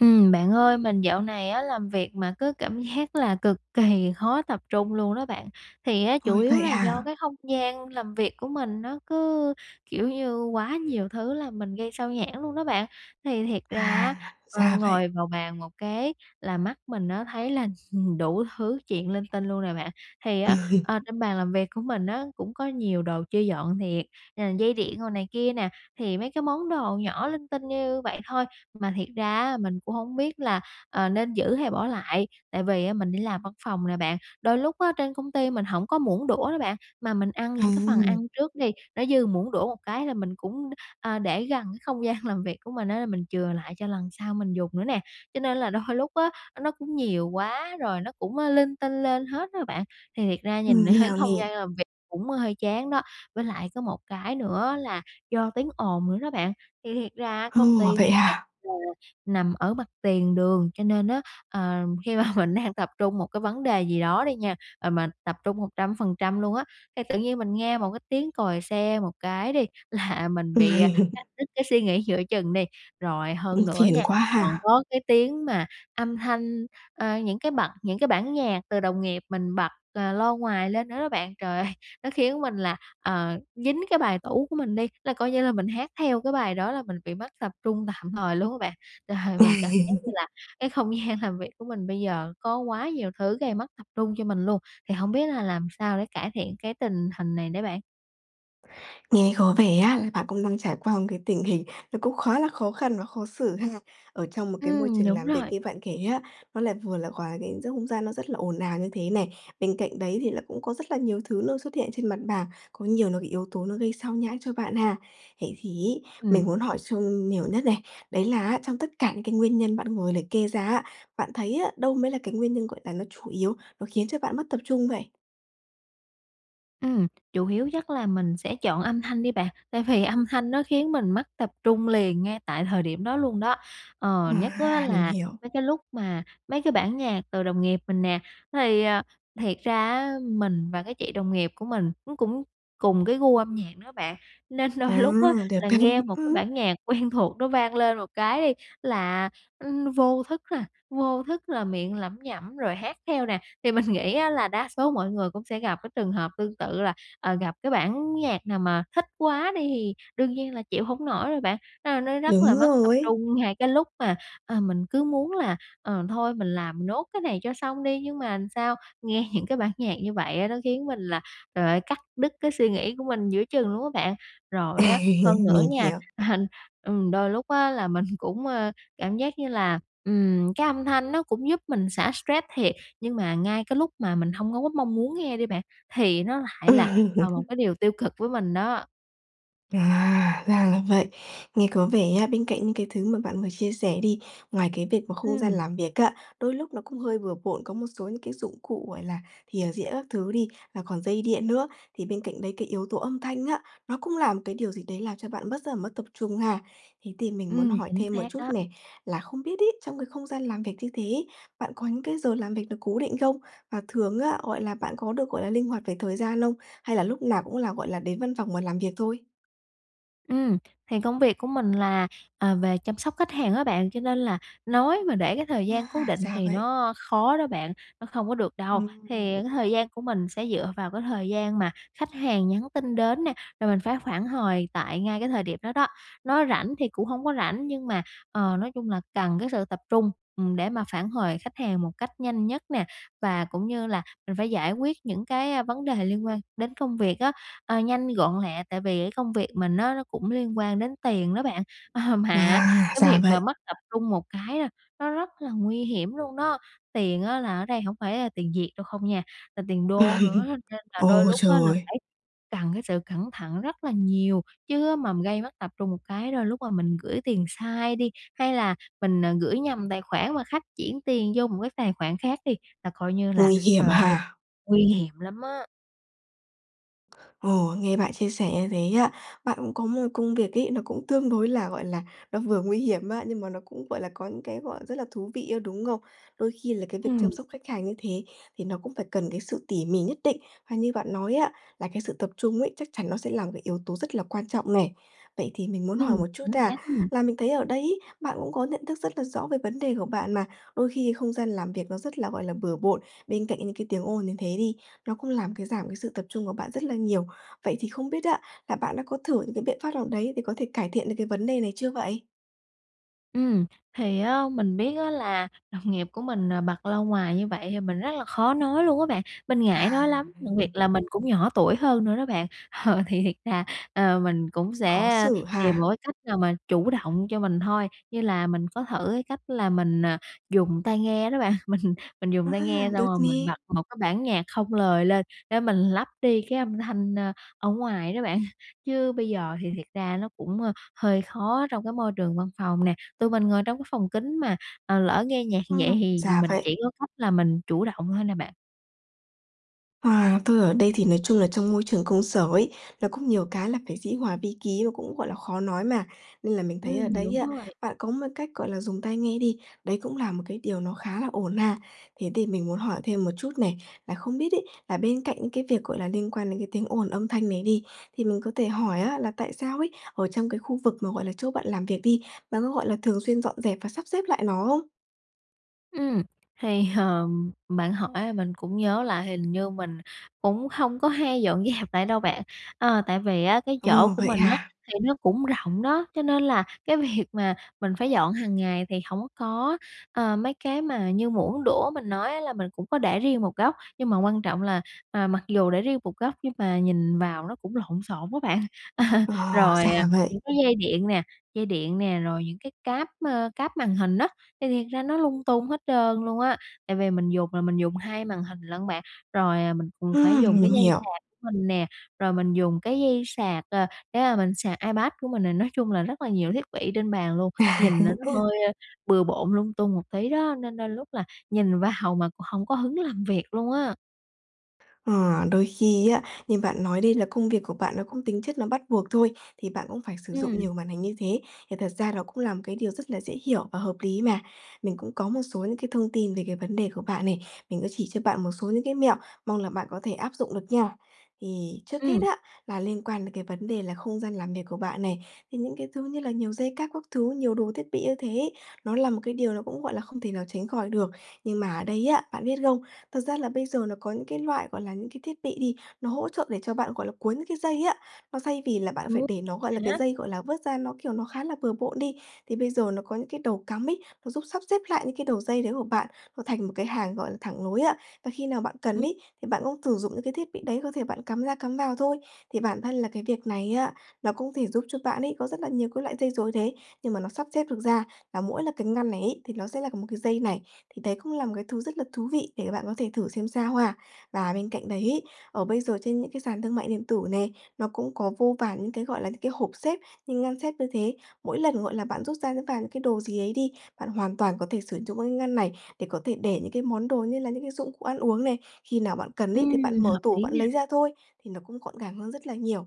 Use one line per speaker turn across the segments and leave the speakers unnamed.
Ừm, bạn ơi, mình dạo này á làm việc mà cứ cảm giác là cực kì khó tập trung luôn đó bạn. Thì á, chủ
Ôi,
yếu
vậy
là do
hả?
cái không gian làm việc của mình, nó cứ, kiểu như, quá nhiều thứ làm mình gây xao nhãng luôn đó bạn. Thì thiệt ra á,
À,
ờ,
ra vậy.
ngồi vào bàn một cái, là mắt mình nó thấy là đủ thứ chuyện linh tinh luôn nè bạn. Thì
Ừ
á,
hứ.
ờ, trên bàn làm việc của mình á, cũng có nhiều đồ chưa dọn thiệt, ờ, dây điện rồi này kia nè, thì mấy cái món đồ nhỏ linh tinh như vậy thôi, mà thiệt ra á mình cũng hổng biết là, ờ, nên giữ hay bỏ lại, tại vì á mình đi làm văn phòng nè bạn. Đôi lúc á trên công ty mình hổng có muỗng đũa đó bạn, mà mình ăn
À
những cái phần ăn
hưm.
trước đi, nó dư muỗng đũa một cái là mình cũng, a, để gần cái không gian làm việc của mình á, mình chừa lại cho lần sau mình dùng nữa nè. Cho nên là đôi lúc á, nó cũng nhiều quá rồi nó cũng, ơ, linh tinh lên hết á bạn. Thì thiệt ra nhìn
Mình hiểu
không
nè.
gian làm việc cũng hơi chán đó. Với lại có một cái nữa là do tiếng ồn nữa đó bạn. Thì thiệt ra
Ồ,
công ty [unintelligible] mà
vậy hả?
rồi nằm ở mặt tiền đường, cho nên á, ờm, khi mà mình đang tập trung một cái vấn đề gì đó đi nha, ờ, mình tập trung 100% luôn á, thì tự nhiên mình nghe một cái tiếng còi xe một cái đi là mình bị, ờ,
Uầy.
cắt đứt cái suy nghĩ giữa chừng đi. Rồi
Ư,
hơn nữa
phiền
nha,
quá
còn
ha.
có cái tiếng mà âm thanh, ơ, những cái bật những cái bản nhạc từ đồng nghiệp mình bật, ờ, loa ngoài lên nữa đó bạn. Trời ơi! Nó khiến mình là, ờ, dính cái bài tủ của mình đi, là coi như là mình hát theo cái bài đó là mình bị mất tập trung tạm thời luôn á bạn. Trời, mình cảm
Uầy.
giác như là cái không gian làm việc của mình bây giờ có quá nhiều thứ gây mất tập trung cho mình luôn. Thì hổng biết là làm sao để cải thiện cái tình hình này đây bạn?
Nghe có vẻ á là bạn cũng đang trải qua một cái tình hình nó cũng khá là khó khăn và khó xử ha, ở trong một cái môi
Ừm,
trường
đúng
làm việc
rồi.
như bạn kể á, nó lại vừa là hòa quyện giữa không gian nó rất là ồn ào như thế nè, bên cạnh đấy thì là cũng có rất là nhiều thứ nó xuất hiện trên mặt bàn, có nhiều nó bị yếu tố nó gây xao nhãng cho bạn ha. Vậy thì ấy, mình
Ừm.
muốn hỏi sâu nhiều nhất này, đấy là á, trong tất cả những cái nguyên nhân bạn vừa liệt kê ra á, bạn thấy á, đâu mới là cái nguyên nhân, gọi là, nó chủ yếu, nó khiến cho bạn mất tập trung vậy?
Ừm, chủ yếu chắc là mình sẽ chọn âm thanh đi bạn, tại vì âm thanh nó khiến mình mất tập trung liền ngay tại thời điểm đó luôn đó. Ờ, nhất á
À, mình
là
hiểu.
mấy cái lúc mà mấy cái bản nhạc từ đồng nghiệp mình nè. Thì, ờ, thiệt ra á mình và cái chị đồng nghiệp của mình, nó cũng cùng cái gu âm nhạc nữa bạn, nên
À,
đôi lúc á
được
là
đấy.
nghe một cái
Ừm.
bản nhạc quen thuộc nó vang lên một cái đi là, ưm, vô thức là vô thức là miệng lẩm nhẩm rồi hát theo nè. Thì mình nghĩ á là đa số mọi người cũng sẽ gặp cái trường hợp tương tự là, ờ, gặp cái bản nhạc nào mà thích quá đi thì đương nhiên là chịu hổng nổi rồi bạn, a, nó rất là
Đúng
mất tập
rồi ấy!
trung ngay cái lúc mà, ờ, mình cứ muốn là, ờ, thôi mình làm nốt cái này cho xong đi, nhưng mà làm sao? Nghe những cái bản nhạc như vậy á, nó khiến mình là, trời ơi, cắt đứt cái suy nghĩ của mình giữa chừng luôn á bạn. Rồi á, hơn nữa
Mình
nha,
hiểu.
ừm, đôi lúc á là mình cũng, ơ, cảm giác như là, ừm, cái âm thanh nó cũng giúp mình xả stress thiệt, nhưng mà ngay cái lúc mà mình hông có gấp mong muốn nghe đi bạn, thì nó lại là, ờ, một cái điều tiêu cực với mình đó.
À, ra là vậy. Nghe có vẻ nhá, bên cạnh những cái thứ mà bạn vừa chia sẻ đi, ngoài cái việc mà không gian
Ừm.
làm việc á, đôi lúc nó cũng hơi bừa bộn, có một số những cái dụng cụ, gọi là, thìa dĩa các thứ đi và còn dây điện nữa, thì bên cạnh đấy cái yếu tố âm thanh á, nó cũng là một cái điều gì đấy làm cho bạn mất rất là mất tập trung ha. Thế thì mình muốn
Ừm,
hỏi
chính
thêm một
xác
chút
đó.
nè, là không biết ấy, trong cái không gian làm việc như thế ấy, bạn có những cái giờ làm việc được cố định không? Và thường á, gọi là, bạn có được, gọi là, linh hoạt về thời gian không? Hay là lúc nào cũng là, gọi là, đến văn phòng và làm việc thôi?
Ừm, thì công việc của mình là, ờ, về chăm sóc khách hàng á bạn, cho nên là nói mà để cái thời gian cố
À,
định
ra
thì
vậy.
nó khó đó bạn, nó không có được đâu. Thì
Ừm.
cái thời gian của mình sẽ dựa vào cái thời gian mà khách hàng nhắn tin đến nè, rồi mình phải phản hồi tại ngay cái thời điểm đó đó. Nó rảnh thì cũng hông có rảnh nhưng mà, ờ, nói chung là cần cái sự tập trung, ừm, để mà phản hồi khách hàng một cách nhanh nhất nè. Và cũng như là mình phải giải quyết những cái á, vấn đề liên quan đến công việc á, ờ, nhanh, gọn, lẹ tại vì cái công việc mình á nó cũng liên quan đến tiền đó bạn. Ờ, mà
À,
cái
ra
việc mà
vậy.
mất tập trung một cái, a, nó rất là nguy hiểm luôn đó. Tiền á là ở đây hổng phải là tiền Việt đâu không nha, là tiền đô nữa á, nên là đôi
Ô,
lúc á là
trời.
phải cần cái sự cẩn thận rất là nhiều. Chứ á, mà m gây mất tập trung một cái đôi lúc mà mình gửi tiền sai đi, hay là mình, ờ, gửi nhầm tài khoản mà khách chuyển tiền vô một cái tài khoản khác đi, là coi như là
Nguy hiểm
trời ơi,
ha.
nguy hiểm lắm á.
Ồ, nghe bạn chia sẻ như thế á, bạn cũng có một công việc ấy, nó cũng tương đối là, gọi là, nó vừa nguy hiểm á, nhưng mà nó cũng, gọi là, có những cái, gọi, rất là thú vị á, đúng không? Đôi khi là cái việc chăm
Ừm.
sóc khách hàng như thế thì nó cũng phải cần cái sự tỉ mỉ nhất định. Và như bạn nói á, là cái sự tập trung ấy chắc chắn nó sẽ là cái yếu tố rất là quan trọng nè. Vậy thì mình muốn hỏi
Ừm,
một chút
chính
nha,
xác, ưm.
là mình thấy ở đấy ấy, bạn cũng có nhận thức rất là rõ về vấn đề của bạn mà, đôi khi không gian làm việc nó rất là, gọi là, bừa bộn, bên cạnh những cái tiếng ồn như thế đi, nó cũng làm cái giảm cái sự tập trung của bạn rất là nhiều. Vậy thì không biết á là bạn đã có thử những cái biện pháp nào đấy để có thể cải thiện được cái vấn đề này chưa vậy?
Ừm, thì á mình biết á là đồng nghiệp của mình, ờ, bật loa ngoài như vậy thì mình rất là khó nói luôn á bạn. Mình ngại
À,
nói lắm, đặc biệt
ừ.
là mình cũng nhỏ tuổi hơn nữa đó bạn. Ờ, thì thiệt ra, ờ, mình cũng
Khó
sẽ, ơ,
xử
tìm
ha.
một cái cách nào mà chủ động cho mình thôi. Như là mình có thử cái cách là mình, ờ, dùng tai nghe đó bạn. Mình mình dùng
Ờ
tai
ha,
nghe xong
được
rồi mình
nè.
bật một cái bản nhạc không lời lên để mình lấp đi cái âm thanh, ơ, ở ngoài đó bạn. Chứ bây giờ thì thiệt ra nó cũng, ơ, hơi khó trong cái môi trường văn phòng nè. Tụi mình ngồi trong cái phòng kín mà, ờ, lỡ nghe nhạc thì vậy
Ừm,
thì
ra
mình
vậy.
chỉ có cách là mình chủ động thôi nè bạn.
À, tôi ở đây thì nói chung là trong môi trường công sở ấy, là cũng nhiều cái là phải dĩ hòa vi ký và cũng, gọi là, khó nói mà, nên là mình thấy ở
Ừm,
đấy
đúng
á,
rồi.
bạn có một cách, gọi là, dùng tai nghe đi, đấy cũng là một cái điều nó khá là ổn mà. Thế thì mình muốn hỏi thêm một chút nè, là không biết ấy, à, bên cạnh những cái việc, gọi là, liên quan đến cái tiếng ồn âm thanh nè đi, thì mình có thể hỏi á, là tại sao ấy, ở trong cái khu vực mà, gọi là, chỗ bạn làm việc đi, bạn có, gọi là, thường xuyên dọn dẹp và sắp xếp lại nó không?
Ừm. Thì, ờm, bạn hỏi là mình cũng nhớ lại, hình như mình cũng không có hay dọn dẹp lại đâu bạn. Ờ, tại vì á, cái chỗ
Ồ,
của
vậy
mình á,
hà?
thì nó cũng rộng đó, cho nên là cái việc mà mình phải dọn hàng ngày thì hổng có có, ờ, mấy cái mà như muỗng, đũa mình nói á, là mình cũng có để riêng một góc, nhưng mà quan trọng là, ờ, mặc dù để riêng một góc nhưng mà nhìn vào nó cũng lộn xộn á bạn. Ờ,
Ờ,
rồi, à,
ra vậy.
những cái dây điện nè, dây điện nè, rồi những cái cáp, ơ, cáp màn hình á, thì thiệt ra nó lung tung hết trơn luôn á. Tại vì mình dùng là mình dùng 2 màn hình lận bạn. Rồi, à, mình cũng phải
Ưm,
dùng cái
mình
dây
hiểu.
sạc mình nè, rồi mình dùng cái dây sạc, ờ, cái mà mình sạc iPad của mình này. Nói chung là rất là nhiều thiết bị trên bàn luôn,
À.
nhìn nà nó hơi, ơ, bừa bộn, lung tung một tí đó, nên đôi lúc là nhìn vào mà cũng hổng có hứng làm việc luôn á!
Ờ, đôi khi á, như bạn nói đi, là công việc của bạn nó cũng tính chất nó bắt buộc thôi, thì bạn cũng phải sử dụng
Ừm.
nhiều màn hình như thế, thì thật ra nó cũng là một cái điều rất là dễ hiểu và hợp lý mà. Mình cũng có một số những cái thông tin về cái vấn đề của bạn này. Mình sẽ chỉ cho bạn một số những cái mẹo, mong là bạn có thể áp dụng được nha. Thì trước hết
Ừm.
á, là liên quan đến cái vấn đề là không gian làm việc của bạn này, thì những cái thứ như là nhiều dây cáp các thứ, nhiều đồ thiết bị như thế ấy, nó là một cái điều nó cũng, gọi là, không thể nào tránh khỏi được. Nhưng mà ở đây á, bạn biết không? Thật ra là bây giờ nó có những cái loại, gọi là, những cái thiết bị đi, nó hỗ trợ để cho bạn gọi là cuốn những cái dây á. Nó xay vì là bạn phải
Ừ,
để nó, gọi là,
thế
cái
á?
dây, gọi là, vớt ra, nó, kiểu, nó khá là bừa bộn đi, thì bây giờ nó có những cái đầu cắm ấy, nó giúp sắp xếp lại những cái đầu dây đấy của bạn. Nó thành một cái hàng, gọi là, thẳng nối ấy, và khi nào bạn cần
[unintelligible]
ấy, thì bạn cũng thử dụng những cái thiết bị đấy, có thể bạn cắm ra, cắm vào thôi. Thì bản thân là cái việc này á, nó cũng có thể giúp cho bạn ấy, có rất là nhiều cái loại dây rối đấy, nhưng mà nó sắp xếp được ra, là mỗi cái ngăn này ấy, thì nó sẽ là một cái dây này. Thì đấy cũng là một cái thứ rất là thú vị để cho bạn có thể thử xem sao ha. Và bên cạnh đấy ấy, ở bây giờ trên những cái sàn thương mại điện tử nè, nó cũng có vô vàn những cái, gọi là, những cái hộp xếp, những ngăn xếp như thế. Mỗi lần, gọi là, bạn rút ra, rút vào những cái đồ gì ấy đi, bạn hoàn toàn có thể sử dụng các cái ngăn này để có thể để những cái món đồ như là những cái dụng cụ ăn uống này. Khi nào bạn cần ấy, thì bạn
Ừm,
mở
hợp
tủ
lý
bạn
nè.
lấy ra thôi, thì nó cũng gọn gàng hơn rất là nhiều.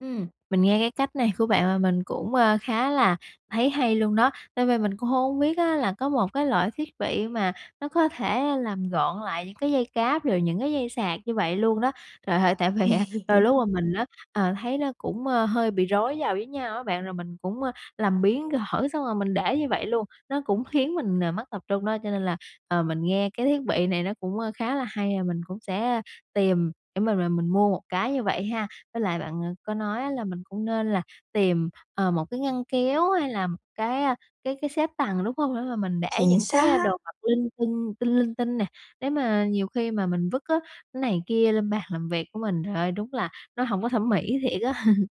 Ừm, mình nghe cái cách này của bạn là mình cũng, ơ, khá là thấy hay luôn đó, nên v mình cũng hông có biết á là có một cái loại thiết bị mà nó có thể làm gọn lại những cái dây cáp, rồi những cái dây sạc như vậy luôn đó. Trời ơi, tại vì á, đôi lúc mà mình á, ờ, thấy nó cũng, ơ, hơi bị rối vào với nhau á bạn, rồi mình cũng, ơ, làm biếng gỡ, cái xong rồi mình để như vậy luôn, nó cũng khiến mình, ờ, mất tập trung đó. Cho nên là, ờ, mình nghe cái thiết bị này nó cũng, ơ, khá là hay và mình cũng sẽ tìm để mà mà mình mua một cái như vậy ha. Với lại bạn, à, có nói á là mình cũng nên là tìm, ờ, một cái ngăn kéo hay là một cái, a, cái cái xếp tầng, đúng không? [unintelligible] mình để
Chính
những cái, ơ, đồ
xác.
vật linh tinh tinh linh tinh nè. Nếu mà nhiều khi mà mình vứt á, này kia lên bàn làm việc của mình, trời ơi, đúng là nó hổng có thẩm mỹ thiệt á.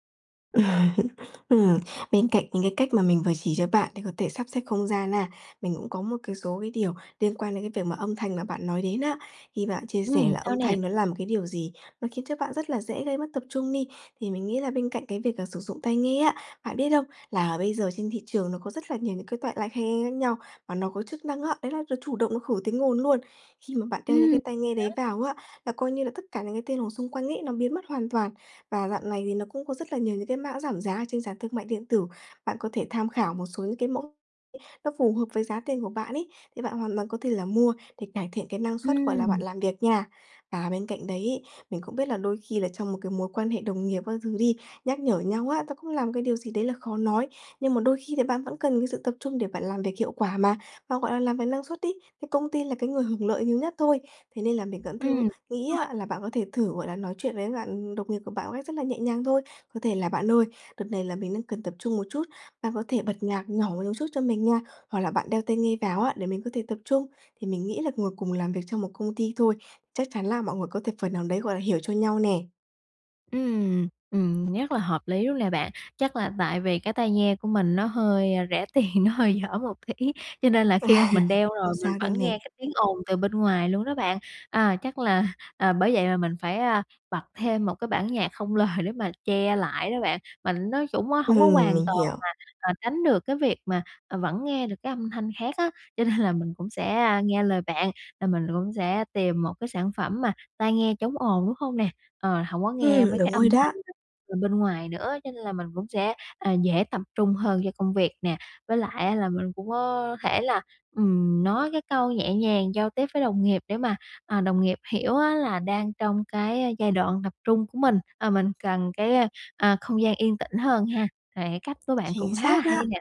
Ừm, bên cạnh những cái cách mà mình vừa chỉ cho bạn để có thể sắp xếp không gian ha, mình cũng có một cái số cái điều liên quan đến cái việc mà âm thanh mà bạn nói đến á. Khi bạn chia sẻ
Ừm,
là
sao
âm
nè?
thanh nó là một cái điều gì nó khiến cho bạn rất là dễ gây mất tập trung đi, thì mình nghĩ là bên cạnh cái việc, à, sử dụng tai nghe á, bạn biết không? Là bây giờ trên thị trường nó có rất là nhiều những cái toại loại high-end khác nhau và nó có chức năng á, đấy là nó chủ động nó khử tiếng ồn luôn. Khi mà bạn đeo những
Ừm.
cái tai nghe đấy
[unintelligible]
vào á, là coi như là tất cả những cái tiếng ồn xung quanh ấy nó biến mất hoàn toàn. Và dạo này thì nó cũng có rất là nhiều những cái mã giảm giá ở trên sàn thương mại điện tử, bạn có thể tham khảo một số những cái mẫu nó phù hợp với giá tiền của bạn ấy, thì bạn hoàn toàn có thể là mua để cải thiện cái năng suất, gọi là, bạn
Ừm.
làm việc nha. Và bên cạnh đấy ấy, mình cũng biết là đôi khi là trong một cái mối quan hệ đồng nghiệp các thứ đi, nhắc nhở nhau á, nó cũng là cái điều gì đấy là khó nói. Nhưng mà đôi khi là bạn vẫn cần cái sự tập trung để bạn làm việc hiệu quả mà, và, gọi là, làm việc năng suất ấy, thì công ty là cái người hưởng lợi nhiều nhất thôi. Thế nên là mình vẫn
Ừm,
thứ nghĩ
đúng rồi.
á là bạn có thể thử, gọi là, nói chuyện với bạn đồng nghiệp của bạn ấy, rất là nhẹ nhàng thôi, có thể là "Bạn ơi, đợt này là mình đang cần tập trung một chút, bạn có thể bật nhạc nhỏ một chút cho mình nha, hoặc là bạn đeo tai nghe vào á để mình có thể tập trung." Thì mình nghĩ là ngồi cùng làm việc cho một công ty thôi, chắc chắn là mọi người có thể phần nào đấy, gọi là, hiểu cho nhau nè.
Ừm, ừm, nhất là hợp lý luôn nè bạn. Chắc là tại vì cái tai nghe của mình nó hơi, ơ, rẻ tiền, nó hơi dở một tí, cho nên là khi mà mình đeo
Không
rồi mình
sao đâu
vẫn
nè.
nghe cái tiếng ồn từ bên ngoài luôn đó bạn. À, chắc là, ờ, bởi vậy mà mình phải, a, bật thêm một cái bản nhạc không lời để mà che lại đó bạn, mà nó trũng á
Ừ,
hổng có hoàn
mình
toàn
hiểu.
là, à, tránh được cái việc mà, à, vẫn nghe được cái âm thanh khác á, cho nên là mình cũng sẽ, a, nghe lời bạn là mình cũng sẽ tìm một cái sản phẩm mà tai nghe chống ồn, đúng hông nè? Ờ, hổng có nghe
Ừm,
mấy cái
đúng
âm
rồi
thanh
đó.
[unintelligible] từ bên ngoài nữa, cho nên là mình cũng sẽ, ờ, dễ tập trung hơn cho công việc nè. Với lại á, là mình cũng có thể là, ừm, nói cái câu nhẹ nhàng giao tiếp với đồng nghiệp để mà, à, đồng nghiệp hiểu á là đang trong cái giai đoạn tập trung của mình, ờ, mình cần cái, ơ, à, không gian yên tĩnh hơn ha. Thề cách của bạn cũng
Chính
khá là
xác
hay
á.
nè.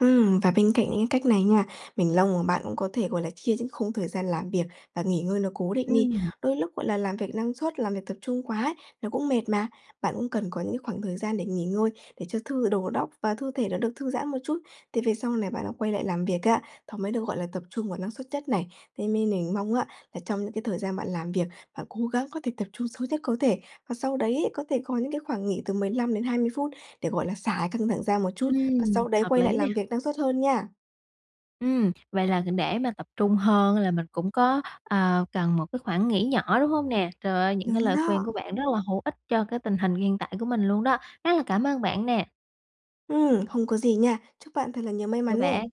Ừm, và bên cạnh những cái cách này nha, mình mong mà bạn cũng có thể, gọi là, chia những khung thời gian làm việc và nghỉ ngơi nó cố định đi.
Ừm.
Đôi lúc, gọi là, làm việc năng suất, làm việc tập trung quá nó cũng mệt mà. Bạn cũng cần có những khoảng thời gian để nghỉ ngơi, để cho thư đầu óc và thư thể nó được thư giãn một chút. Thì về sau này bạn đã quay lại làm việc á, nó mới được, gọi là, tập trung vào năng suất nhất này. Thế nên mình mong á, là trong những cái thời gian bạn làm việc, bạn cố gắng có thể tập trung sâu nhất có thể. Và sau đấy, có thể có những cái khoảng nghỉ từ 15-20 phút để, gọi là, xả cái căng thẳng ra một chút, và
Ừm,
sau đấy
hợp
quay lại
lý nè.
làm việc năng suất hơn nha.
Ừm, vậy là kh để mà tập trung hơn là mình cũng có, ờ, cần một cái khoảng nghỉ nhỏ, đúng hông nè? Trời ơi, những cái
Đúng
lời khuyên
đó.
của bạn rất là hữu ích cho cái tình hình hiện tại của mình luôn đó. Rất là cảm ơn bạn nè.
Ừm, không có gì nha. Chúc bạn thật là nhiều may
Chào
mắn nè.
bạn.